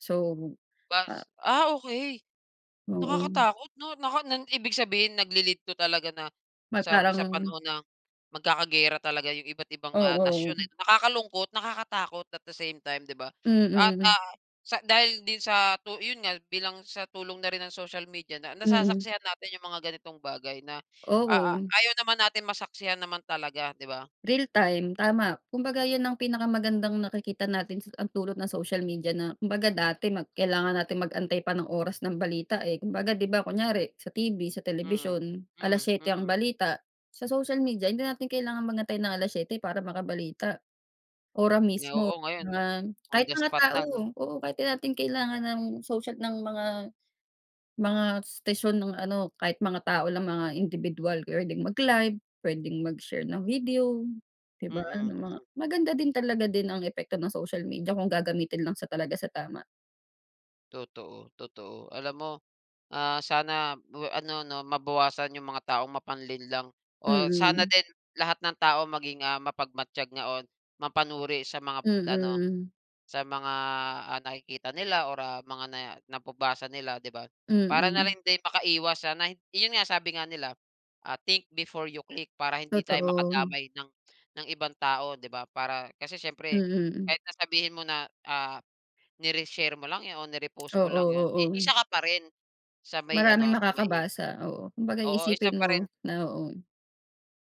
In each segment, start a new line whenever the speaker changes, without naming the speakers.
So, a
Bas ah, okey.
Oo.
Nakakatakot 'no? Na kan nan ibig sabihin nagli-lead 'to talaga na
Mag
sa sa
parang
panahon ng magkakagera talaga yung iba't-ibang, ah,
Oo.
nasyon, eh. Nakakalungkot, nakakatakot at the same time, 'di ba? At,
Mm.
ah, sa dahil din sa tu yun nga bilang sa tulong na rin ng social media na
Mm.
nasasaksihan natin yung mga ganitong bagay na a a
Oo.
ayaw naman natin masaksihan naman talaga, 'di ba?
Real time. Tama. Kumbaga yun ang pinakamagandang nakikita natin sa ang dulot ng social media na kumbaga dati mag kailangan natin mag-antay pa ng oras ng balita, eh. Kumbaga 'di ba, kunyari sa TV sa
Mm.
telebisyon, alas
Mm,
syete ang
mm.
balita, sa social media hindi natin kailangan mag-antay ng 7:00 para makabalita ora
Nga
mismo,
oo ngayon,
mga
on
kahit
the
mga
spot
tao.
na, 'no?
Oo kahit 'di natin kailangan ng social ng mga, mga station nung ano, kahit mga tao lang mga indibidwal p'wedeng mag-live, p'wedeng mag-share ng video, 'di ba,
Mm. Mm.
ng mga maganda din talaga din ang epekto ng social media kung gagamitin lang sa talaga sa tama.
Totoo, totoo. Alam mo, ah, sana bwe ano 'no mabawasan yung mga taong mapanlinlang, o sana
Mm.
din lahat ng tao maging, ah, mapagmatyag nga on mapanuri sa mga ano,
Mm.
sa mga, ah, nakikita nila or, ah, mga nae nababasa nila, 'di ba? Para na
Mm.
rin din makaiwas sa na yun nga sabi nga nila, ah, "Think before you click" para hindi tayo
Totoo.
makadamay ng, ng ibang tao, 'di ba? Para kasi siyempre
Mm.
kahit na sabihin mo na, ah, ni-reshare mo lang yun o ni-repost mo
Oo
lang yun, eh,
oo.
isa ka pa rin sa may
Maraming
ano, sa may
makakabasa. Oo kumbaga
Oo isa
iisipin
pa rin
mo na oo.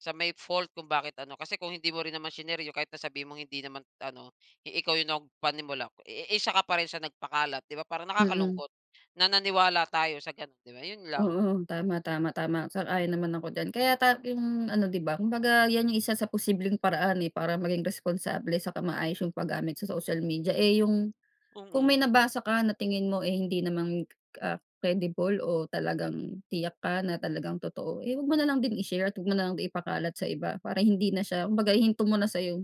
sa may fault kung bakit ano. Kasi kung hindi mo rin naman shinare yun, kahit na sabihin mong hindi naman ano, eh, ikaw yung nagpanimula, eh, isa ka pa rin sa nagpakalat. 'Di ba parang
Mm.
nakakalungkot na naniwala tayo sa gano'n 'di ba? 'Yon lang.
Oo, tama, tama, tama, sang-ayon naman ako diyan. Kaya ta yung ano, 'di ba, kumbaga yan yung isa sa posibleng paraan, eh, para maging responsable saka maayos yung pagamit sa social media. Eh, yung kung may
Mm.
nabasa ka na tingin mo, eh, hindi naman ka ka ah, credible o talagang tiyak ka na talagang totoo, eh, wag mo na lang din i-share at 'wag mo na lang din ipakalat sa iba para hindi na siya, kumbaga hihinto mo na sa'yo.